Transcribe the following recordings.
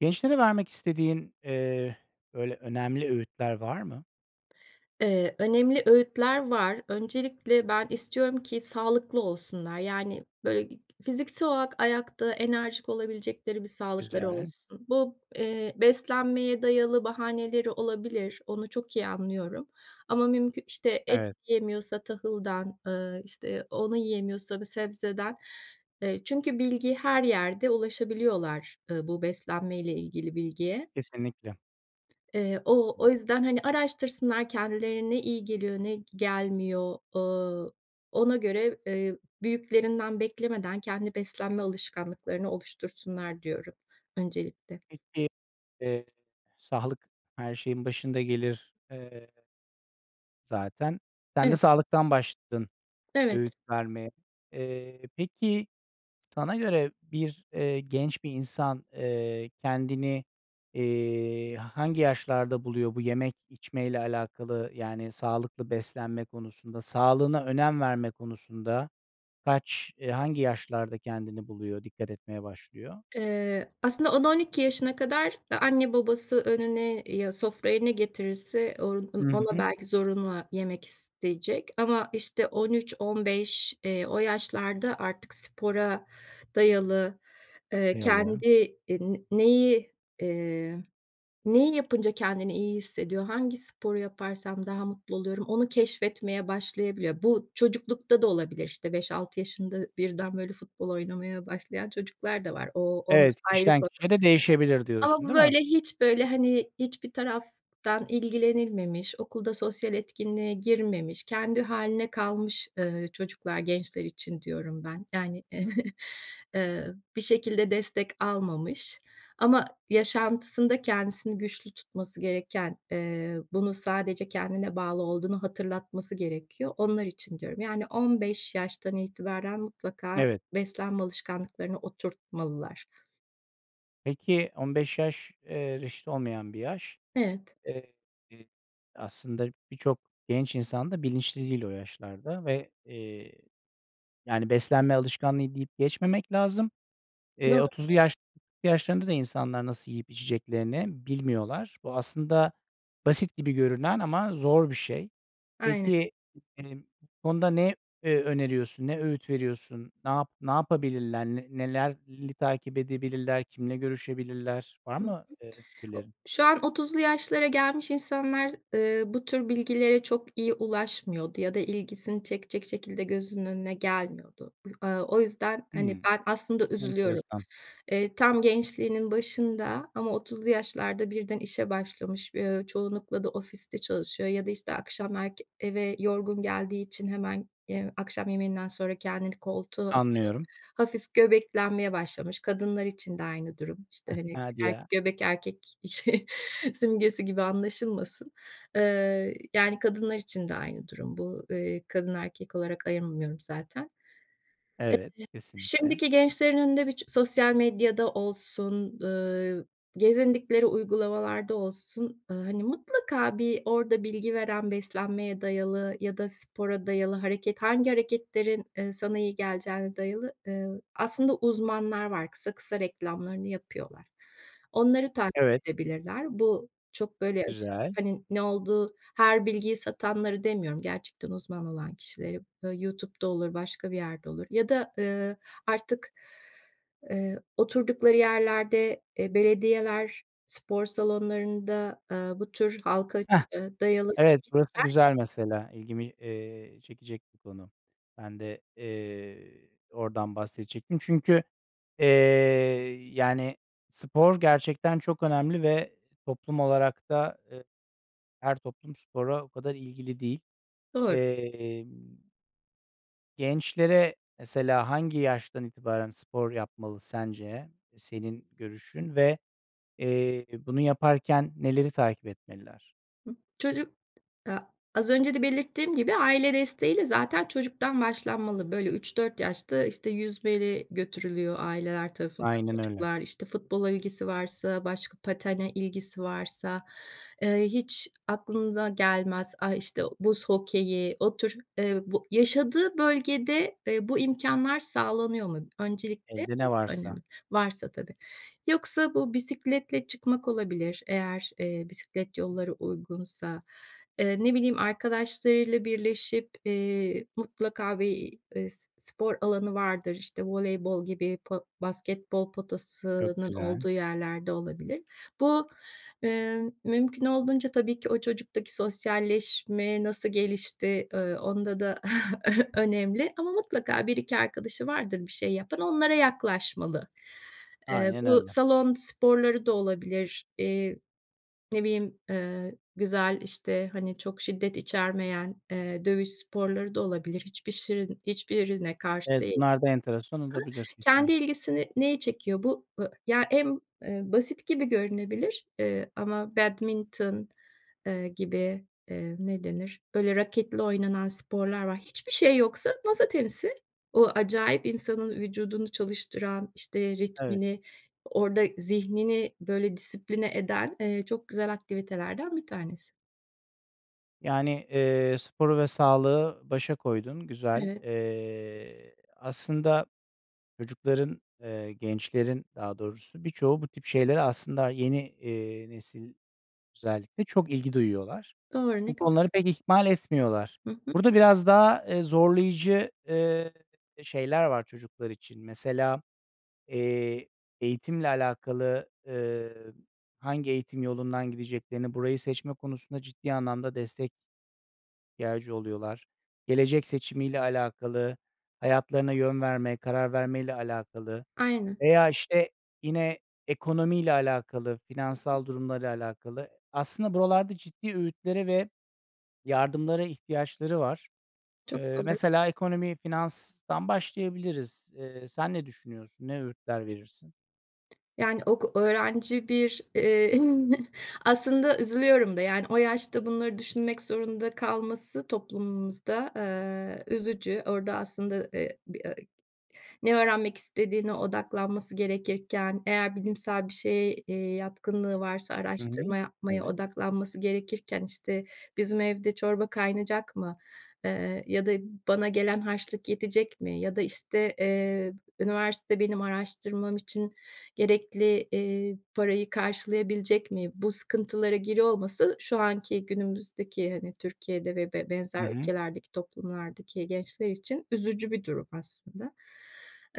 Gençlere vermek istediğin, eee, böyle, önemli öğütler var mı? Eee, önemli öğütler var. Öncelikle ben istiyorum ki sağlıklı olsunlar. Yani, böyle, fiziksel olarak ayakta enerjik olabilecekleri bir sağlıkları Güzel. olsun. Bu, eee, beslenmeye dayalı bahaneleri olabilir. Onu çok iyi anlıyorum ama mümkü işte, et Evet. yiyemiyorsa tahıldan, ııı, işte, onu yiyemiyorsa bir sebzeden. Eee, çünkü bilgi her yerde ulaşabiliyorlar, eee, bu beslenmeyle ilgili bilgiye. Kesinlikle. Eee, o o [unintelligible] yüzden, hani, araştırsınlar kendileri ne iyi geliyor, ne gelmiyor, ooo, ona göre, eee, büyüklerinden beklemeden kendi beslenme alışkanlıklarını oluştursunlar diyorum öncelikle. Peki. Eee. Sağlık her şeyin başında gelir, eee zaten. Sen de Evet. sağlıktan başladın Evet. öğüt vermeye. Eee, peki, sana göre bir eee, genç bir insan, eee, kendini, eee, hangi yaşlarda buluyor bu yemek, içmeyle alakalı? Yani, sağlıklı beslenme konusunda, sağlığına önem verme konusunda kaç eee, hangi yaşlarda kendini buluyor, dikkat etmeye başlıyor? Eee, aslında 10-12 yaşına kadar a anne babası önüne ya, sofraya ne getirirse on Hı on ona hı. belki zorunla yemek isteyecek ama, işte, 13-15 eee, o yaşlarda artık spora dayalı, eee, Dayalı. kendi, eee, n neyi, eee, neyi yapınca kendini iyi hissediyor, hangi sporu yaparsam daha mutlu oluyorum, onu keşfetmeye başlayabiliyor. Bu çocuklukta da olabilir. İşte, 5-6 yaşında birden, böyle, futbol oynamaya başlayan çocuklar da var. O, on Evet, ayrı kişiden konu kişiye de değişebilir ama diyorsun, bu, değil mi? böyle, hiç, böyle, hani, hiçbir taraftan ilgilenilmemiş, okulda sosyal etkinliğe girmemiş, kendi hâline kalmış, eee, çocuklar, gençler için diyorum ben. Yani, eee, bir şekilde destek almamış ama yaşantısında kendisini güçlü tutması gereken, eee, bunu sadece kendine bağlı olduğunu hatırlatması gerekiyor, onlar için diyorum. Yani, 15 yaştan itibaren mutlaka Evet. beslenme alışkanlıklarını oturtmalılar. Peki, 15 yaş, eee, reşit olmayan bir yaş. Evet. Eee, aslında birçok genç insan da bilinçli değil o yaşlarda ve, eee, yani, beslenme alışkanlığı deyip geçmemek lazım. Eee, Doğru. 30'lu yaş yaşlarında da insanlar nasıl yiyip, içeceklerini bilmiyorlar. Bu aslında basit gibi görünen ama zor bir şey. Aynen. Peki, emm, bu konuda ne, eee, öneriyorsun? Ne öğüt veriyorsun? Na ne yapabilirler? N neler li takip edebilirler? Kimle görüşebilirler? Var Hı hı. mı, eee, O fikirlerin? şu an 30'lu yaşlara gelmiş insanlar, eee, bu tür bilgilere çok iyi ulaşmıyordu ya da ilgisini çekecek şekilde gözünün önüne gelmiyordu. Aaa, o yüzden, hani, Hımm, ben aslında üzülüyorum. enteresan. Eee, tam gençliğinin başında ama 30'lu yaşlarda birden işe başlamış, bi eee, çoğunlukla da ofiste çalışıyor ya da işte akşam erk eve yorgun geldiği için hemen, eee, akşam yemeğinden sonra kendini koltuğa atıyor. Anlıyorum. Hafif göbeklenmeye başlamış. Kadınlar için de aynı durum. İşte, hani, Hadi er ya. göbek erkek şey simgesi gibi anlaşılmasın, eee, yani, kadınlar için de aynı durum bu. Eee, kadın, erkek olarak ayırmıyorum zaten. Eee, Evet, kesinlikle. şimdiki gençlerin önünde bir çı sosyal medyada olsun, ııı, gezindikleri uygulamalarda olsun, ııı, hani, mutlaka bir orada bilgi veren beslenmeye dayalı ya da spora dayalı hareket hangi hareketlerin, eee, sana iyi geleceğine dayalı, eee, aslında uzmanlar var. Kısa kısa reklamlarını yapıyorlar. Onları takip Evet. edebilirler. Bu çok, böyle, aşırı, Güzel. hani, ne olduğu her bilgiyi satanları demiyorum, gerçekten uzman olan kişileri. Bö YouTube'da olur, başka bir yerde olur ya da, ııı, artık, eee, oturdukları yerlerde, eee, belediyeler, spor salonlarında, aaa, bu tür halka, Hah! eee, dayalı Evet, burası etkinlikler. [unintelligible] güzel mesela. İlgimi, eee, çekecek bir konu. Ben de, eee, oradan bahsedecektim. Çünkü, eee, yani, spor gerçekten çok önemli ve toplum olarak da, eee, her toplum spora o kadar ilgili değil, Doğru. emm gençlere mesela hangi yaştan itibaren spor yapmalı sence? Eee, senin görüşün ve, eee, bunu yaparken neleri takip etmeliler? Hı, çocuk a az önce de belirttiğim gibi, aile desteğiyle zaten çocuktan başlanmalı. Böyle 3-4 yaşta, işte, yüzmeye götürülüyor aileler tarafından Aynen öyle. çocuklar. İşte, futbola ilgisi varsa, başka patene ilgisi varsa, eee, hiç aklınıza gelmez, a işte, o buz hokeyi, o tür, eee, bu yaşadığı bölgede, eee, bu imkânlar sağlanıyor mu? Öncelikle Elde ne bu varsa. önemli, varsa tabii. Yoksa bu bisikletle çıkmak olabilir eğer, eee, bisiklet yolları uygunsa, eee, ne bileyim, arkadaşlarıyla birleşip, eee, mutlaka bir, eee, s spor alanı vardır, işte, voleybol gibi po basketbol Çok potasının güzel. olduğu yerlerde olabilir. Bu, eee, mümkün olduğunca tabii ki o çocuktaki sosyalleşme nasıl gelişti, ııı, onda da ö önemli ama mutlaka 1-2 arkadaşı vardır bir şey yapan, onlara yaklaşmalı. Eee, Aynen bu öyle. salon sporları da olabilir. Eee, ne bileyim, eee, güzel işte, hani, çok şiddet içermeyen, eee, dövüş sporları da olabilir. Hiçbir şirin hiçbirine karşı Evet, değilim. bunlar da enteresan olabilir [unintelligible] Kendi kesinlik ilgisini neyi çekiyor bu ı ya, en, eee, basit gibi görünebilir, eee, ama badminton, eee, gibi, eee, ne denir? Böyle raketli oynanan sporlar var. Hiçbir şey yoksa masa tenisi. O acayip insanın vücudunu çalıştıran, işte Evet. ritmini, orada zihnini böyle disipline eden, eee, çok güzel aktivitelerden bir tanesi. Yani, eee, sporu ve sağlığı başa koydun. Güzel! Evet. Eee, aslında çocukların eee, gençlerin daha doğrusu birçoğu bu tip şeylere aslında yeni, eee, nesil özellikle çok ilgi duyuyorlar. Doğru, ne Bu kadar. konuları pek [unintelligible] ihmal etmiyorlar. Hı hı. Burada biraz daha, eee, zorlayıcı, eee, şeyler var çocuklar için. Mesela, eee, eğitimle alakalı, eee, hangi eğitim yolundan gideceklerini, burayı seçme konusunda ciddi anlamda destek ihtiyacı oluyorlar. Gelecek seçimiyle alakalı, hayatlarına yön verme, karar vermeyle alakalı Aynen. veya, işte, yine ekonomiyle alakalı, finansal durumla da alakalı. Aslında buralarda ciddi öğütlere ve yardımlara ihtiyaçları var. Çok Eee, doğru. mesela ekonomi, finanstan başlayabiliriz. Eee, sen ne düşünüyorsun? Ne öğütler verirsin? Yani, ok öğrenci bir, eee aslında üzülüyorum da, yani, o yaşta bunları düşünmek zorunda kalması toplumumuzda, eee, üzücü. Orada aslında, eee, bi eee, ne öğrenmek istediğine odaklanması gerekirken, eğer bilimsel bir şeye, eee, yatkınlığı varsa Hı hı. araştırma yapmaya Evet. odaklanması gerekirken, işte, "Bizim evde çorba kaynayacak mı? Eee, ya da bana gelen harçlık yetecek mi ya da, işte, eee, üniversite benim araştırmam için gerekli, eee, parayı karşılayabilecek mi?" Bu sıkıntılara giriyor olması şu anki, günümüzdeki, hani, Türkiye'de ve b Hı benzer hı. ülkelerdeki toplumlardaki gençler için üzücü bir durum aslında.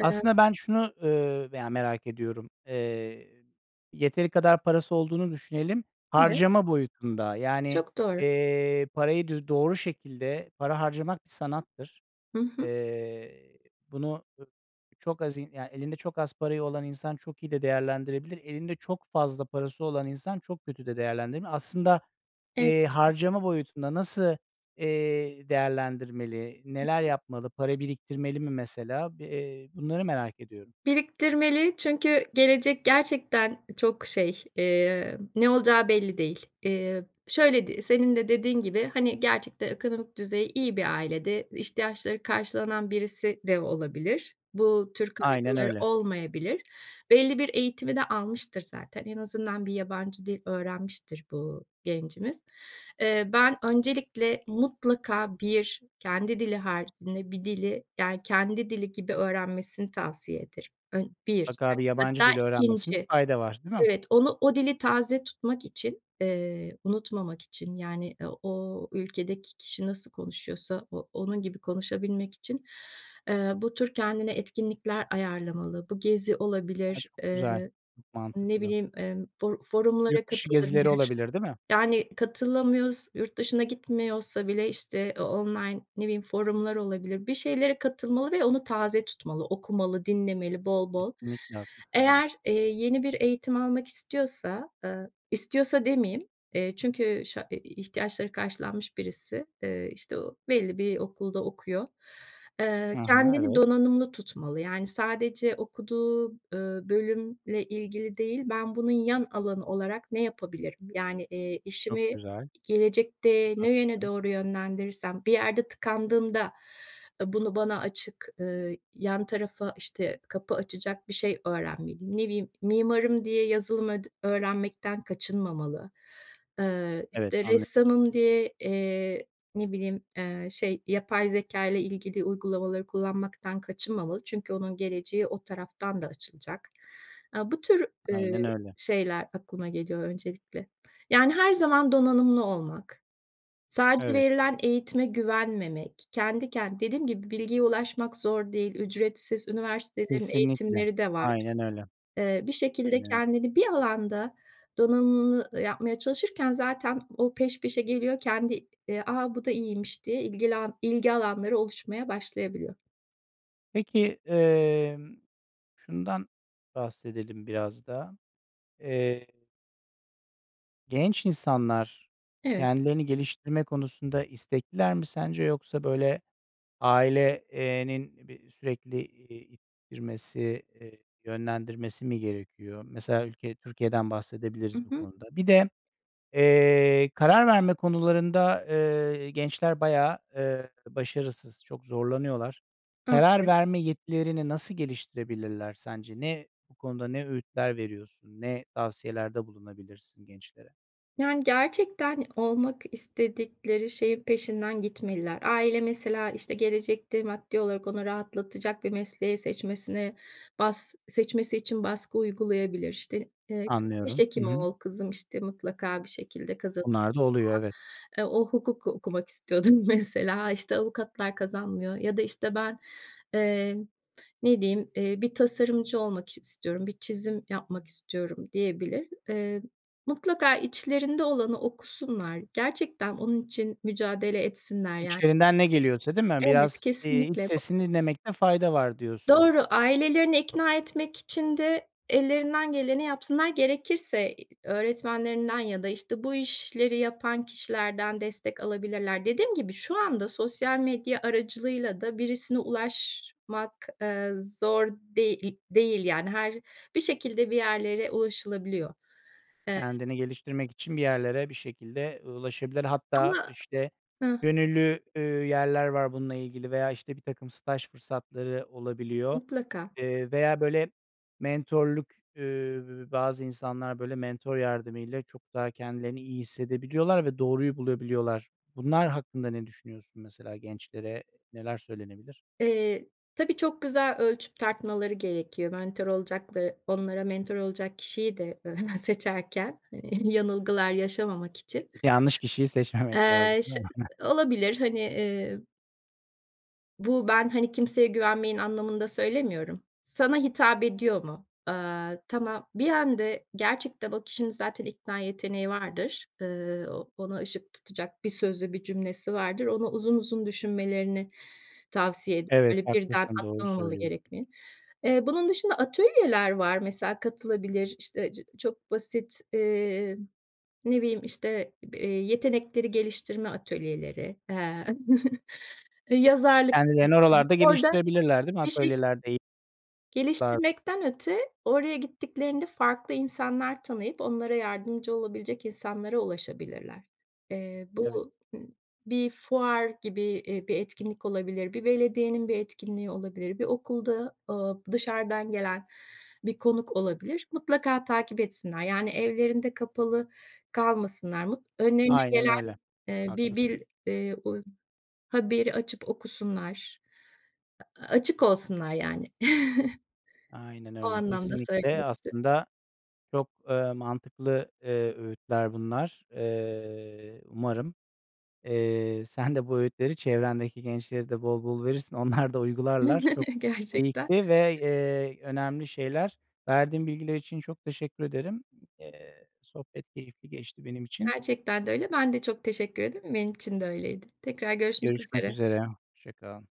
Eee ben şunu, ııı, veya merak ediyorum. Eee, yeteri kadar parası olduğunu düşünelim Evet. harcama boyutunda yani, Çok doğru. eee, parayı dü doğru şekilde para harcamak bir sanattır. Hı hı. Eee, bunu, ı çok az in yani, elinde çok az parayı olan insan çok iyi de değerlendirebilir. Elinde çok fazla parası olan insan çok kötü de değerlendirebilir. Aslında, Ev eee, harcama boyutunda nasıl, eee, değerlendirmeli, Hı neler hı. yapmalı, para biriktirmeli mi mesela? Bi eee, bunları merak ediyorum. Biriktirmeli çünkü gelecek gerçekten çok şey, emm, ne olacağı belli değil. Eee, şöyle d senin de dediğin gibi, hani, gerçekte ekonomik düzeyi iyi bir ailede ihtiyaçları karşılanan birisi de olabilir. Bu tür Aynen kaygıları öyle. olmayabilir. Belli bir eğitimi de almıştır zaten. En azından bir yabancı dil öğrenmiştir bu gencimiz. Eee, ben öncelikle mutlaka bir, kendi dili haricinde bir dili, yani kendi dili gibi öğrenmesini tavsiye ederim. Ön bir Mutlaka bir [unintelligible] yabancı hatta dil öğrenmesinde 2'nci. fayda var, değil mi? Evet. Onu o dili taze tutmak için, eee, unutmamak için, yani, eee, o ülkedeki kişi nasıl konuşuyorsa o onun gibi konuşabilmek için, eee, bu tür kendine etkinlikler ayarlamalı. Bu gezi A, olabilir, çok eee, güzel! Çok ne mantıklı. bileyim, emm, for forumlara Yurt dışı gezileri katılabilir, olabilir, değil mi? yani, katılamıyors yurt dışına gitmiyorsa bile, işte, o online, ne bileyim, forumlar olabilir, bir şeylere katılmalı ve onu taze tutmalı, okumalı, dinlemeli bol bol. Kesinlikle haklısın. Evet. Eğer, eee, yeni bir eğitim almak istiyorsa, ııı, istiyorsa demeyeyim, eee, çünkü şa e e ihtiyaçları karşılanmış birisi, eee, işte, o belli bir okulda okuyor, eee, Hı hı. kendini Evet. donanımlı tutmalı yani sadece okuduğu, ııı, bölümle ilgili değil, ben bunun yan alanı olarak ne yapabilirim, yani, eee, Çok işimi güzel! gelecekte ne yöne Haklısın. doğru yönlendirirsem bir yerde tıkandığında, ııı, bunu bana açık ııı, yan tarafa, işte, kapı açacak bir şey öğrenmeliyim. Ne bileyim, mimarım diye yazılım öd öğrenmekten kaçınmamalı. Eee, Evet, işte, anlıy ressamım diye, eee, ne bileyim, eee, şey, yapay zekâyla ilgili uygulamaları kullanmaktan kaçınmamalı çünkü onun geleceği o taraftan da açılacak. Aaa, bu tür, Aynen eee, öyle. şeyler aklıma geliyor öncelikle. Yani, her zaman donanımlı olmak, sadece Evet. verilen eğitime güvenmemek, kendi kendi Dediğim gibi bilgiye ulaşmak zor değil, ücretsiz üniversitelerin Kesinlikle. eğitimleri de var. Aynen öyle. Eee, bir şekilde Aynen öyle. kendini bir alanda donanımlı yapmaya çalışırken zaten o peş peşe geliyor, kendi, eee, "A, bu da iyiymiş!" diye ilgilan ilgi alanları oluşmaya başlayabiliyor. Peki, emm, şundan bahsedelim biraz da, eee genç insanlar Evet. kendilerini geliştirme konusunda istekliler mi sence yoksa, böyle, aile eee, nin bir sürekli, eee, i ittirmesi, eee, yönlendirmesi mi gerekiyor? Mesela ülke Türkiye'den I bahsedebiliriz bu hı. konuda. Bir de, eee, karar verme konularında, eee, gençler bayağı, eee, başarısız, çok zorlanıyorlar. Karar [unintelligible] verme yetilerini nasıl geliştirebilirler sence? Ne bu konuda ne öğütler veriyorsun? Ne tavsiyelerde bulunabilirsin gençlere? Yani, gerçekten olmak istedikleri şeyin peşinden gitmeliler. Aile mesela, işte, gelecekte maddi olarak onu rahatlatacak bir mesleği seçmesine, bas seçmesi için baskı uygulayabilir. İşte, eee, "Kızım, diş Anlıyorum. Hı hekimi hı. ol kızım, işte, mutlaka bir şekilde kazanırsın." Onlar da oluyor, falan. evet. Eee, o hukuku okumak istiyordur mesela. "İşte, avukatlar kazanmıyor." ya da, işte, ben, eee, ne diyeyim, eee, "Bir tasarımcı olmak istiyorum, bir çizim yapmak istiyorum." diyebilir. Eee, mutlaka içlerinde olanı okusunlar. Gerçekten onun için mücadele etsinler, yan İçlerinden ne geliyorsa, değil mi? Evet, Biraz, iii, iç kesinlikle. Ba sesini dinlemekte fayda var diyorsun. Doğru. Ailelerini ikna etmek için de ellerinden geleni yapsınlar. Gerekirse öğretmenlerinden ya da, işte, bu işleri yapan kişilerden destek alabilirler. Dediğim gibi, şu anda sosyal medya aracılığıyla da birisine ulaşmak, eee, zor deği değil, yani. Her bir şekilde bir yerlere ulaşılabiliyor. Eee Kendini geliştirmek için bir yerlere bir şekilde ulaşabilir. Hatta, Ama işte, Hıh. gönüllü, üüü, yerler var bununla ilgili veya, işte, birtakım staj fırsatları olabiliyor, Mutlaka. eee, veya, böyle, mentörlük ııı, bazı insanlar, böyle, mentör yardımıyla çok daha kendilerini iyi hissedebiliyorlar ve doğruyu bulabiliyorlar. Bunlar hakkında ne düşünüyorsun mesela, gençlere neler söylenebilir? Eee, tabii, çok güzel ölçüp tartmaları gerekiyor mentör olacakları onlara mentör olacak kişiyi de seçerken yanılgılar yaşamamak için. Yanlış kişiyi seçmemek lazım, Eee, değil ş mi? Olabilir, hani, eee Bu ben, hani, kimseye güvenmeyin anlamında söylemiyorum. Sana hitap ediyor mu? Aaa, tamam, bir [unintelligible] gerçekten o kişinin zaten ikna yeteneği vardır. Iıı, o ona ışık tutacak bir sözü, bir cümlesi vardır. Onu uzun uzun düşünmelerini tavsiye ed Evet, Böyle, birden haklısın, doğru atlamamalı söylüyorsun. gerekli. Eee, bunun dışında atölyeler var. Mesela katılabilir, işte cı çok basit, emm, ne bileyim, işte b eee, yetenekleri geliştirme atölyeleri, eee, eee, yazarlık Kendilerini atölyesi. oralarda Orada geliştirebilirler, değil mi? bir şek Atölyelerde e [unintelligible] Geliştirmekten öte, oraya gittiklerinde farklı insanlar tanıyıp, onlara yardımcı olabilecek insanlara ulaşabilirler. Eee, Evet. bu, bir fuar gibi, eee, bir etkinlik olabilir, bir belediyenin bir etkinliği olabilir, bir okulda, aaa, dışarıdan gelen bir konuk olabilir. Mutlaka takip etsinler, yani evlerinde kapalı kalmasınlar. Mut önlerine Aynen gelen öyle. eee bir Haklısın. bil eee, uy haberi açıp okusunlar. Açık olsunlar yani. Aynen O öyle. anlamda Kesinlikle söylemek istedim. aslında çok, ııı, mantıklı, eee, öğütler bunlar. Eee, umarım, eee, sen de bu öğütleri çevrendeki gençlere de bol bol verirsin. Onlar da uygularlar. Çok Gerçekten. keyifli ve, eee, önemli şeyler. Verdiğin bilgiler için çok teşekkür ederim. Eee, sohbet keyifli geçti benim için. Gerçekten de öyle. Ben de çok teşekkür ederim. Benim için de öyleydi. Tekrar görüşmek Görüşmek üzere. üzere. Hoşça kal.